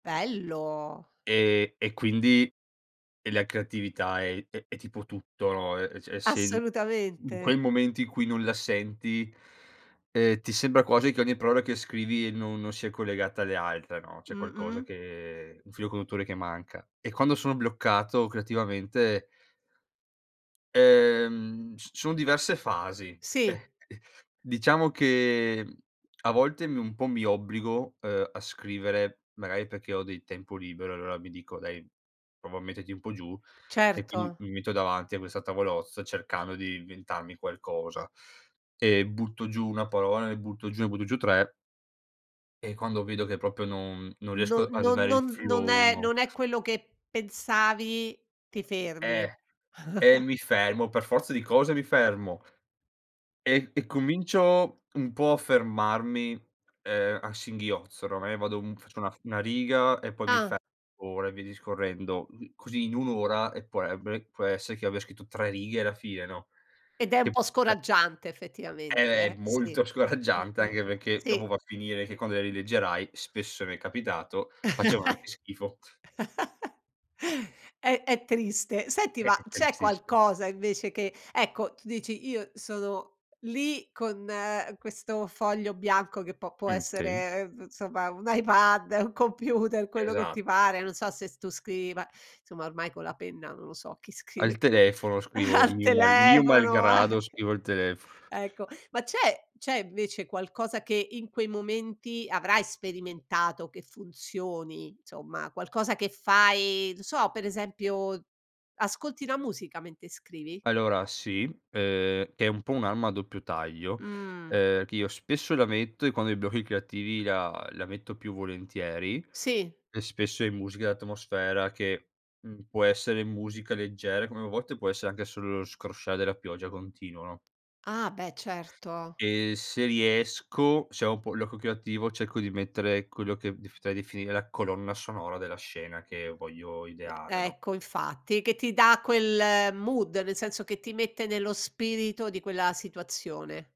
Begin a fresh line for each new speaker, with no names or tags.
Bello!
Ehm, e quindi, ehm, la creatività è è è tipo tutto, no, e e cioè se in in
Assolutamente.
quel momento in cui non la senti, uhm, ti sembra quasi che ogni parola che scrivi no non sia collegata alle altre, no, c'è qualcosa
Mh-mh.
che un filo conduttore che manca. E quando sono bloccato creativamente Ehm, c ci son diverse fasi. Eh,
Sì.
ehm, diciamo che, mhmm, a volte mi un po' mi obbligo, uhm, a scrivere magari perché ho del tempo libero e allora mi dico: “Dai, prova a metterti un po' giù”, e quindi
Certo.
mi metto davanti a questa tavolozza cercando di inventarmi qualcosa e butto giù 1 parola, NE butto giù ne butto giù 3 e quando vedo che proprio non non
No
riesco ad
non
avere il
non non
filo,
è
1
non è quello che pensavi ti fermi.
Eh, e mi fermo, per forza di cose mi fermo e e comincio un po' a fermarmi, uhm, a singhiozzo. Oramai vado un faccio una f una riga e poi mi
Ah.
fermo e via discorrendo. Così in 1 ora, eh, può eb eh, può essere che abbia scritto 3 righe alla fine, no,
Ed è un
che
po'
pure
scoraggiante, effettivamente,
È
eh, sì.
molto scoraggiante
Mh-mh.
anche perché
Sì.
dopo va a finire che quando le rileggerai spesso mi è capitato, facevano anche schifo.
È è triste. Senti,
Eh, è
ma c'è
tristissi
qualcosa, invece, che, ecco, tu dici: “Io sono lì con questo foglio bianco”, che può può
Mh, sì.
essere, ev insomma, un iPad, un computer, quello che
Esa
ti pare, non so se s tu scrivi, ma, insomma, ormai con la penna non lo so chi
Al
scrive più,
telefono scrivo,
al
mio mal mio
telefono, eh.
malgrado, scrivo al telef
Ecco. Ma c'è c'è, invece, qualcosa che in quei momenti avrai sperimentato che funzioni, insomma, qualcosa che fai, non so, per esempio, ascolti la musica mente scrivi?
Allora, sì, uhm, è un po' un'arma a doppio taglio,
Mh.
uhm, che io spesso la metto e quando ho i blocchi creativi la la metto più volentieri;
Sì.
spesso è musica d'atmosfera che, mhmm, può essere musica leggera, come a volte può essere anche solo scrosciare della pioggia continuo, no?
Ah, beh, certo.
E se riesco, se ho un po' l'occhio creativo cerco di mettere quello che dif ti potrei definire la colonna sonora della scena che voglio ideare, no?
Ecco, infatti. Che ti dà quel mood, nel senso che ti mette nello spirito di quella situazione.